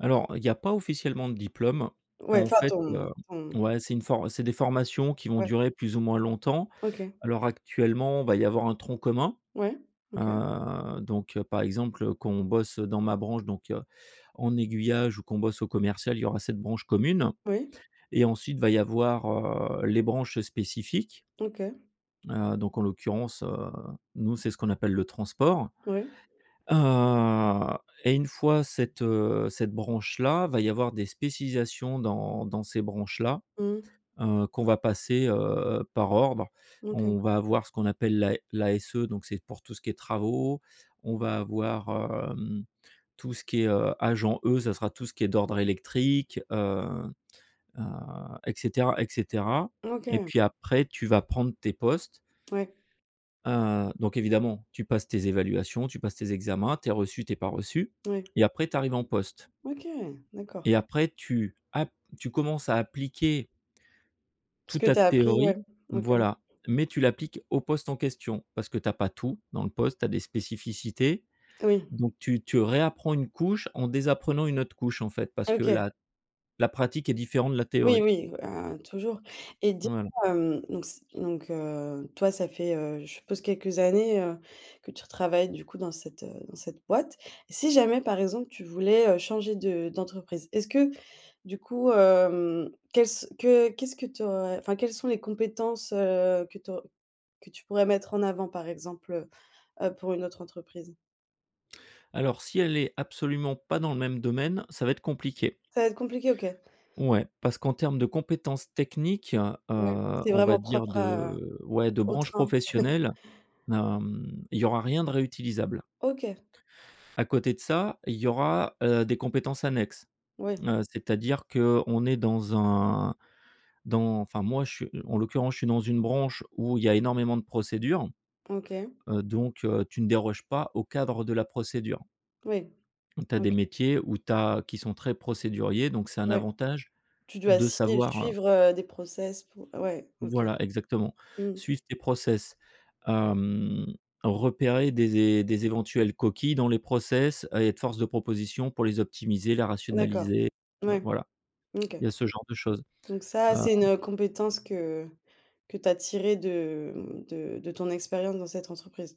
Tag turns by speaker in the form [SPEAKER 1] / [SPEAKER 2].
[SPEAKER 1] Alors, heu, il y a pas officiellement de diplôme.
[SPEAKER 2] Ouais,
[SPEAKER 1] En
[SPEAKER 2] enfin,
[SPEAKER 1] fait,
[SPEAKER 2] ton
[SPEAKER 1] heu
[SPEAKER 2] ton
[SPEAKER 1] ouais, c'est une for c'est des formations qui vont
[SPEAKER 2] ouais.
[SPEAKER 1] durer plus ou moins longtemps.
[SPEAKER 2] OK.
[SPEAKER 1] Alors actuellement, il va y avoir un tronc commun.
[SPEAKER 2] Ouais, OK.
[SPEAKER 1] Heu, donc heu, par exemple, quand on bosse dans ma branche, donc heu, en aiguillage ou qu'on bosse au commercial, il y aura cette branche commune
[SPEAKER 2] Oui.
[SPEAKER 1] et ensuite, va y avoir, heu, les branches spécifiques.
[SPEAKER 2] OK.
[SPEAKER 1] Heu, donc en l'occurrence, heu, nous, c'est ce qu'on appelle le transport.
[SPEAKER 2] Oui.
[SPEAKER 1] Heu, et une fois cette, heu, cette branche là, va y avoir des spécialisations dans dans ces branches là,
[SPEAKER 2] Mmh.
[SPEAKER 1] heu, qu'on va passer, heu, par ordre.
[SPEAKER 2] OK.
[SPEAKER 1] On va avoir ce qu'on appelle la l'ASE donc c'est pour tout ce qui est travaux. On va avoir, hem, tout ce qui est, heu, agent E, ça sera tout ce qui est d'ordre électrique, heu heu, et cetera, et cetera, et
[SPEAKER 2] OK.
[SPEAKER 1] puis, après tu vas prendre tes postes.
[SPEAKER 2] Ouais.
[SPEAKER 1] Heu, donc évidemment, tu passes tes évaluations, tu passes tes examens, tu es reçu, tu es pas reçu
[SPEAKER 2] Ouais.
[SPEAKER 1] et après tu arrives en poste.
[SPEAKER 2] OK, d'accord.
[SPEAKER 1] Et après, tu ap tu commences à appliquer
[SPEAKER 2] Ce
[SPEAKER 1] toute
[SPEAKER 2] que
[SPEAKER 1] ta
[SPEAKER 2] tu as appris, ouais,
[SPEAKER 1] théorie
[SPEAKER 2] OK.
[SPEAKER 1] voilà, mais tu l'appliques au poste en question, parce que tu as pas tout dans le poste, tu as des spécificités,
[SPEAKER 2] Oui.
[SPEAKER 1] donc tu tu réapprends une couche en désapprenant une autre couche, en fait, parce que
[SPEAKER 2] OK.
[SPEAKER 1] la la pratique est différente de la
[SPEAKER 2] Oui,
[SPEAKER 1] théorie.
[SPEAKER 2] oui, hein, toujours. Et dis
[SPEAKER 1] Voilà.
[SPEAKER 2] moi, hem, donc ce donc heu, toi, ça fait, heu, je suppose quelques années, heu, que tu travailles du coup, dans cette, heu dans cette boîte? Si jamais, par exemple, tu voulais, heu, changer de d'entreprise, est-ce que du coup, hem, quelle ce que qu'est-ce que tu aurais, enfin, quelles sont les compétences, heu, que tu aur que tu pourrais mettre en avant, par exemple, heu heu, pour une autre entreprise?
[SPEAKER 1] Alors, si elle est absolument pas dans le même domaine, ça va être compliqué.
[SPEAKER 2] Ça va être compliqué, OK.
[SPEAKER 1] Ouais, parce qu'en termes de compétences techniques, heu,
[SPEAKER 2] Ouais, c'est
[SPEAKER 1] on va
[SPEAKER 2] vraiment
[SPEAKER 1] dire,
[SPEAKER 2] propre à
[SPEAKER 1] de ouais, de
[SPEAKER 2] au
[SPEAKER 1] branches
[SPEAKER 2] train.
[SPEAKER 1] professionnelles, hem, il y aura rien de réutilisable.
[SPEAKER 2] OK.
[SPEAKER 1] À côté de ça, il y aura, heu, des compétences annexes.
[SPEAKER 2] Ouais.
[SPEAKER 1] Heu, c'est-à-dire qu'on est dans un dans enfin moi, je suis en l'occurrence, je suis dans une branche où il y a énormément de procédures,
[SPEAKER 2] OK.
[SPEAKER 1] heu, donc heu, tu ne déroges pas au cadre de la procédure.
[SPEAKER 2] Oui,
[SPEAKER 1] Tu as des
[SPEAKER 2] OK.
[SPEAKER 1] métiers où tu as qui sont très procéduriers, donc c'est un
[SPEAKER 2] Ouais,
[SPEAKER 1] avantage
[SPEAKER 2] tu dois
[SPEAKER 1] de
[SPEAKER 2] sui
[SPEAKER 1] savoir, heu
[SPEAKER 2] suivre, heu, des process pour ouais, OK,
[SPEAKER 1] voilà exactement,
[SPEAKER 2] mmh.
[SPEAKER 1] suivre tes process, hem, repérer des é des éventuelles coquilles dans les process, et être force de proposition pour les optimiser, la
[SPEAKER 2] D'accord,
[SPEAKER 1] rationaliser
[SPEAKER 2] ouais
[SPEAKER 1] voilà,
[SPEAKER 2] OK,
[SPEAKER 1] il y a ce genre de choses,
[SPEAKER 2] donc ça, c'est une,
[SPEAKER 1] heu
[SPEAKER 2] heu, compétence que que tu as tirée de, mmh, de de ton expérience dans cette entreprise.